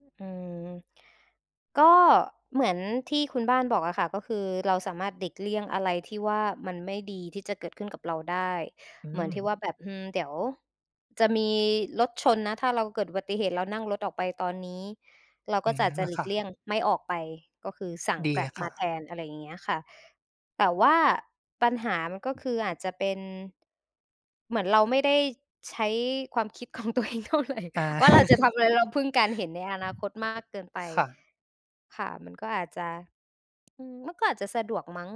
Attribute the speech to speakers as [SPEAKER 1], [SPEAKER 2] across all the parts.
[SPEAKER 1] ฮ อืม ก็เหมือนที่คุณบ้านบอกอะค่ะ ก็คือเราสามารถหลีกเลี่ยงอะไรที่ว่ามันไม่ดีที่จะเกิดขึ้นกับเราได้
[SPEAKER 2] อื
[SPEAKER 1] เหมือนที่
[SPEAKER 2] ม
[SPEAKER 1] ว่าแบบ อืม เดี๋ยวจะมีรถชนนะ ถ้าเราเกิดอุบัติเหตุเรานั่งรถออกไปตอนนี้ เรา
[SPEAKER 2] อ
[SPEAKER 1] ก
[SPEAKER 2] ื
[SPEAKER 1] ็
[SPEAKER 2] อ
[SPEAKER 1] จ
[SPEAKER 2] ฮ
[SPEAKER 1] ะ
[SPEAKER 2] ึ
[SPEAKER 1] จะ
[SPEAKER 2] อา
[SPEAKER 1] หลี
[SPEAKER 2] ค่
[SPEAKER 1] กเลี
[SPEAKER 2] ะ
[SPEAKER 1] ่ยงไม่ออกไป ก็คือสั่ง
[SPEAKER 2] ดีอ
[SPEAKER 1] Grab
[SPEAKER 2] ะค
[SPEAKER 1] ม
[SPEAKER 2] ่
[SPEAKER 1] า
[SPEAKER 2] ะ
[SPEAKER 1] แทน อะไรอย่างเงี้ยค่ะ แต่ว่าปัญหามันก็คืออาจจะเป็น เหมือนเราไม่ได้ใช้ความคิด ของตัวเองเท่าไร
[SPEAKER 2] อา
[SPEAKER 1] ว่าเราจะทำอะไร เราพึ่งการเห็นในอนาคตมากเกินไป
[SPEAKER 2] ค่ะ
[SPEAKER 1] ค่ะ มันก็อาจจะ อือ มันก็อาจจะสะดวกมั้ง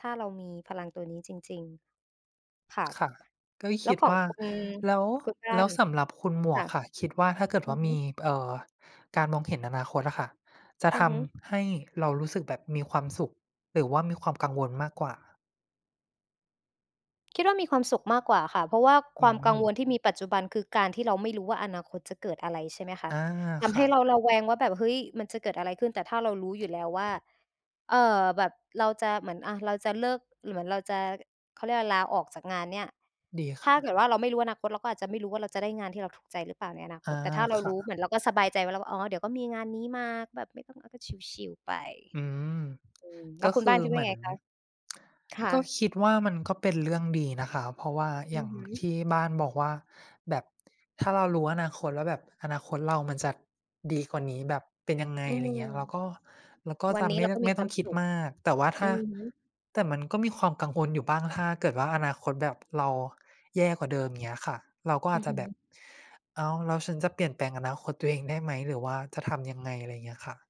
[SPEAKER 1] ถ้าเรามีพลังตัวนี้จริง ๆ ค่ะ
[SPEAKER 2] ค่ะ ก็
[SPEAKER 1] แล
[SPEAKER 2] ค
[SPEAKER 1] ้ว
[SPEAKER 2] ิด
[SPEAKER 1] ขอ
[SPEAKER 2] ว
[SPEAKER 1] ง
[SPEAKER 2] ่า
[SPEAKER 1] คุณ
[SPEAKER 2] แล้ว
[SPEAKER 1] คุณบ้
[SPEAKER 2] แ
[SPEAKER 1] า
[SPEAKER 2] ล้ว
[SPEAKER 1] น
[SPEAKER 2] สำหรับคุณหม
[SPEAKER 1] ค
[SPEAKER 2] วก
[SPEAKER 1] ่ะ
[SPEAKER 2] ค่ะ คิดว่าถ้าเกิด
[SPEAKER 1] อ
[SPEAKER 2] ว
[SPEAKER 1] ื
[SPEAKER 2] ่า
[SPEAKER 1] อฮ
[SPEAKER 2] มี
[SPEAKER 1] ึ
[SPEAKER 2] เอ่อ การมองเห็นอนาคตอะค่ะ จะ
[SPEAKER 1] อื
[SPEAKER 2] ท
[SPEAKER 1] อฮึ
[SPEAKER 2] ำให้เรารู้สึกแบบมีความสุขหรือว่ามีความกังวลมากกว่า?
[SPEAKER 1] คิดว่ามีความสุขมากกว่าค่ะ เพราะว่า
[SPEAKER 2] อื
[SPEAKER 1] ความกังว
[SPEAKER 2] ม
[SPEAKER 1] ลที่มีปัจจุบันคือการที่เราไม่รู้ว่าอนาคตจะเกิดอะไร ใช่ไหมคะ
[SPEAKER 2] อา
[SPEAKER 1] ท
[SPEAKER 2] ค
[SPEAKER 1] ำให
[SPEAKER 2] ่
[SPEAKER 1] ้เราร
[SPEAKER 2] ะ
[SPEAKER 1] ะแวงว่าแบบ "เฮ้ย มันจะเกิดอะไรขึ้น?" แต่ถ้าเรารู้อยู่แล้วว่า เอ่อ แบบเราจะเหมือน อ่า เราจะเลิก เหมือนเราจะ อ เขาเรียก อา ลาออกจากงานเนี่ย
[SPEAKER 2] ดีค
[SPEAKER 1] ถ้
[SPEAKER 2] ่
[SPEAKER 1] าเก
[SPEAKER 2] ะ
[SPEAKER 1] ิดว่าเราไม่รู้อนาคต เราก็อาจจะไม่รู้ว่าเราจะได้งานที่เราถูกใจหรือเปล่าในอนา
[SPEAKER 2] อ
[SPEAKER 1] ค
[SPEAKER 2] า
[SPEAKER 1] ต แต่ถ้าเรา
[SPEAKER 2] ค่
[SPEAKER 1] ร
[SPEAKER 2] ะ
[SPEAKER 1] ู้ เหมือนเราก็สบายใจแล้วว่า "อ๋อ เดี๋ยวก็มีงานนี้มา แบบไม่ต้อง อา เราก็ ชิล ๆ ไป"
[SPEAKER 2] อืม
[SPEAKER 1] อืม แล้
[SPEAKER 2] ก
[SPEAKER 1] ว
[SPEAKER 2] ็
[SPEAKER 1] คุ
[SPEAKER 2] ค
[SPEAKER 1] ณบ้
[SPEAKER 2] ื
[SPEAKER 1] าน
[SPEAKER 2] อ
[SPEAKER 1] คิดว
[SPEAKER 2] เ
[SPEAKER 1] ่
[SPEAKER 2] ห
[SPEAKER 1] า
[SPEAKER 2] มือ
[SPEAKER 1] ไ
[SPEAKER 2] น
[SPEAKER 1] งคะ? ค่
[SPEAKER 2] ก็
[SPEAKER 1] ะ
[SPEAKER 2] คิดว่ามันก็เป็นเรื่องดีนะคะ เพราะว่าอ
[SPEAKER 1] อ
[SPEAKER 2] ย
[SPEAKER 1] ื
[SPEAKER 2] ่า
[SPEAKER 1] อ
[SPEAKER 2] ง
[SPEAKER 1] ฮึ
[SPEAKER 2] ที่บ้านบอกว่าแบบ ถ้าเรารู้อนาคตแล้วแบบอนาคตเรามันจะดีกว่านี้ แบบเป็นยังไง
[SPEAKER 1] อื
[SPEAKER 2] ไร
[SPEAKER 1] ม
[SPEAKER 2] เงี้ย เราก็ เราก็
[SPEAKER 1] วั
[SPEAKER 2] จ
[SPEAKER 1] น
[SPEAKER 2] ะ
[SPEAKER 1] นี้
[SPEAKER 2] ไม
[SPEAKER 1] เ
[SPEAKER 2] ่
[SPEAKER 1] รา
[SPEAKER 2] ได้
[SPEAKER 1] ก็
[SPEAKER 2] ไ
[SPEAKER 1] ม
[SPEAKER 2] ม
[SPEAKER 1] ี
[SPEAKER 2] ่
[SPEAKER 1] ค
[SPEAKER 2] ต
[SPEAKER 1] ว
[SPEAKER 2] ้อ
[SPEAKER 1] า
[SPEAKER 2] ง
[SPEAKER 1] ม
[SPEAKER 2] คิ
[SPEAKER 1] ส
[SPEAKER 2] ด
[SPEAKER 1] ุข
[SPEAKER 2] มาก แต่ว่าถ
[SPEAKER 1] อื
[SPEAKER 2] ้า
[SPEAKER 1] อฮึ
[SPEAKER 2] แต่มันก็มีความกังวลอยู่บ้าง ถ้าเกิดว่าอนาคต แบบเราแย่กว่าเดิม อย่างเงี้ยค่ะ เราก็
[SPEAKER 1] อ
[SPEAKER 2] อ
[SPEAKER 1] ื
[SPEAKER 2] าจ
[SPEAKER 1] อ
[SPEAKER 2] จ
[SPEAKER 1] ฮ
[SPEAKER 2] ะแบบ
[SPEAKER 1] ึ
[SPEAKER 2] "อ้าว แล้วฉันจะเปลี่ยนแปลงอนาคตตัวเองได้ไหม หรือว่าจะทำ ยังไง?" ไรเงี้ยค่ะ